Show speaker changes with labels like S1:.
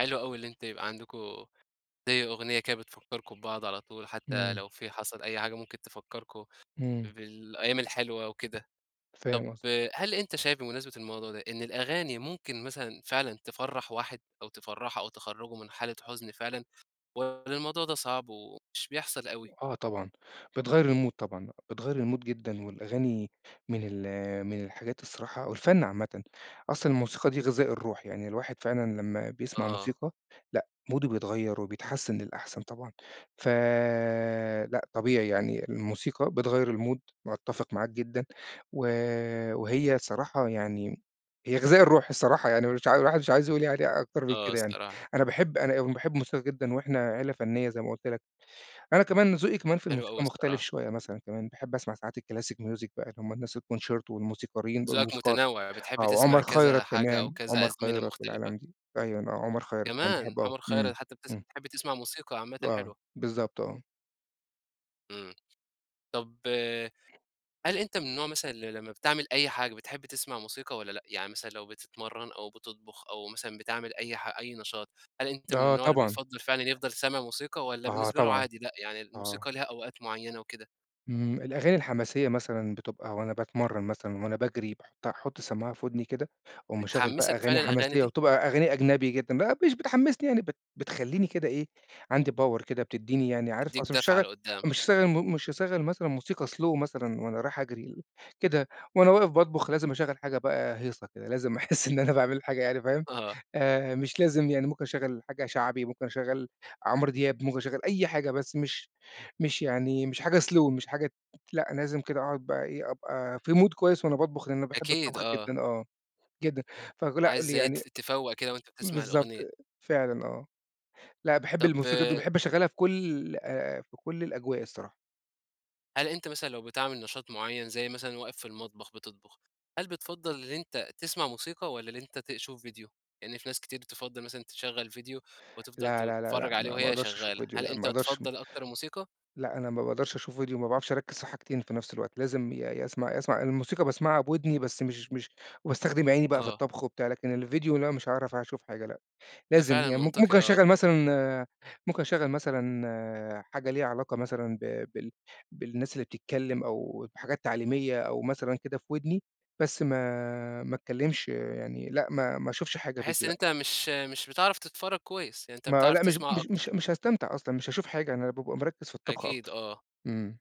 S1: حلو أوي اللي أنت يبقى عندكم، زي أغنية كده بتفكّركم ببعض على طول، حتّى
S2: إمم.
S1: لو في حصل أي حاجة ممكن تفكّركم،
S2: إمم.
S1: بالأيام الحلوة وكده.
S2: فاهم
S1: طَب
S2: قصدك.
S1: هل أنت شايف بمناسبة الموضوع ده، إن الأغاني ممكن مثلًا فعلًا تفرّح واحد، أو تفرّحه أو تخرّجه من حالة حُزن فعلًا؟ والّا الموضوع ده صعب ومش بيحصل أوي؟
S2: آه طبعًا، بتغيّر الmood طبعًا بتغيّر الMood جدًا والأغاني، من ال من الحاجات الصراحة والفن عامةً، أصلًا الموسيقى دي غذاء الروح، يعني الواحد فعلًا لمّا بيسمع
S1: آه.
S2: موسيقى، لأ موده بيتغيّر وبيتحسِّن للأحسن طبعًا، ف لأ طبيعي يعني الموسيقى بتغيّر الMood باتّفق معاك جدًا، و وهي صراحة يعني، هي غذاء الروح الصراحة يعني مش عا الواحد مش عايز يقول يعني أكتر من
S1: آه
S2: كده يعني،
S1: الصراحة.
S2: أنا باحب أنا باحب موسيقى جدًا وإحنا عيلة فنية زي ما قُلت لك، أنا كمان ذوقي كمان في
S1: حلو أوي
S2: الموسيقى مختلف
S1: الصراحة.
S2: شوية مثلًا كمان، باحب أسمع ساعات الclassic music بَقى اللي هُم الناس الconcerto والموسيقاريين
S1: ذوقك
S2: والموسيقار،
S1: متنوع، بتحب
S2: آه
S1: تسمع
S2: وعمر
S1: كذا
S2: خيرت
S1: حاجة أو
S2: كمان،
S1: كذا
S2: عمر
S1: أزمنة
S2: خيرت
S1: مختلفة.
S2: والعالم دي، أيوًا آه عمر خيرت أنا
S1: كمان!
S2: باحبه أوي،
S1: عمر
S2: إمم،
S1: خيرت حتّى بتس
S2: إمم.
S1: بتحب تسمع موسيقى عامةً
S2: آه،
S1: حلوة.
S2: بالضبط آه.
S1: إمم، طَب هل أنت من النوع مثلًا اللي لمّا بتعمل أي حاجة، بتحب تسمع موسيقى والّا لأ؟ يعني مثلًا لو بتتمرّن أو بتطبخ أو مثلًا بتعمل أي ح أي نشاط، هل أنت من
S2: آه
S1: النوع اللي
S2: طبعًا.
S1: بِيِفضّل فعلًا يِفضَل سامع موسيقى، والّا
S2: آه
S1: بالنسبة له
S2: طبعًا،
S1: عادي لأ يعني
S2: آه.
S1: الموسيقى ليها أوقات معيّنة وكده؟
S2: إمم، الأغاني الحماسية مثلًا بتبقى وأنا باتمرّن مثلًا وأنا باجري باحطّها احط السماعة في ودني كده، وأقوم مشغل بَقى
S1: بتحمّسك فعلًا
S2: أغاني
S1: الأغاني
S2: حماسية،
S1: دي؟
S2: وبتبقى أغاني أجنبي جدًا، بَـقى مش بتحمّسني يعني بت بتخلّيني كده إيه، عندي power كده بتديني يعني عارف
S1: تدّيك
S2: أصل مش
S1: دَفعة
S2: هاشغّل
S1: لقدّام.
S2: مش هاشغّل مو مش هاشغل مثلًا موسيقى slow مثلًا وأنا رايح أجري، ل كده وأنا واقف باطبخ لازم أشغّل حاجة بَقى هيصة كده، لازم أحس إن أنا باعمل حاجة يعني فاهم،
S1: آه.
S2: آآ مش لازم يعني ممكن أشغّل حاجة شعبي، ممكن أشغّل عمرو دياب، ممكن أشغّل أي حاجة بس مش مش يعني، مش حاجة slow مش حاجة لأ لازم كده أقعد بَقى إيه أبقى في Mood كويس وأنا باطبخ، لإن أنا باحب
S1: أكيد
S2: الطبخ
S1: آه.
S2: جدًا آه، جدًا فك لأ
S1: عايز زي ت
S2: يعني
S1: تِفَوَّق كده وأنت بتسمع
S2: بالضبط،
S1: الأغنية.
S2: فعلًا آه، لأ باحب
S1: طَب
S2: الموسيقى دي، باحب أشغّلها في كلّ في كلّ الأجواء الصراحة.
S1: هل أنت مثلًا لو بتعمل نشاط معيّن زي مثلًا واقف في المطبخ بتطبخ، هل بِتفَضَّل اللي أنت تسمع موسيقى، والّا اللي أنت تشوف فيديو؟ لإن في ناس كتير تِفَضّل مثلًا تشغل فيديو، وتفضل
S2: لا، لا، لا،
S1: تتفرّج
S2: لا،
S1: عليه
S2: ما ما
S1: وهي
S2: أقدرش أشوف
S1: شغالة،
S2: فيديو
S1: هل
S2: لأ
S1: أنت
S2: ما أقدرش.
S1: تفضّل أكتر الموسيقى؟
S2: لأ أنا ما باقدرش أشوف فيديو ما باعرفش أركّز في حاجتين في نفْس الوقت، لازم يا يا أسمع يا أسمع الموسيقى باسمعها بوِدني بس مش مش وباستخدم عيني بَقى في
S1: آه.
S2: الطبخ وبتاع، لكن الفيديو لأ مش هاعرف أشوف حاجة لأ،
S1: ده
S2: لازم
S1: فعلًا
S2: يعني ممك
S1: منطقي
S2: ممكن
S1: آه.
S2: أشغّل مثلًا ممكن أشغّل مثلًا حاجة ليها علاقة مثلًا ب بال بالناس اللي بتتكلّم أو بحاجات تعليمية، أو مثلًا كده في وِدني، بس ما ما اتكلّمش يعني، لأ ما ما أشوفش حاجة
S1: تحس
S2: فيديو
S1: إن
S2: لأ.
S1: أنت مش مش بتعرف تتفرّج كويس، يعني أنت
S2: ما
S1: بتعرف
S2: لأ مش ب
S1: تسمع
S2: مش مش
S1: أكتر.
S2: مش هاستمتع أصلًا، مش هاشوف حاجة، أنا بابقى مركِّز في الطبخ
S1: أكيد
S2: أكتر،
S1: آه.
S2: إمم.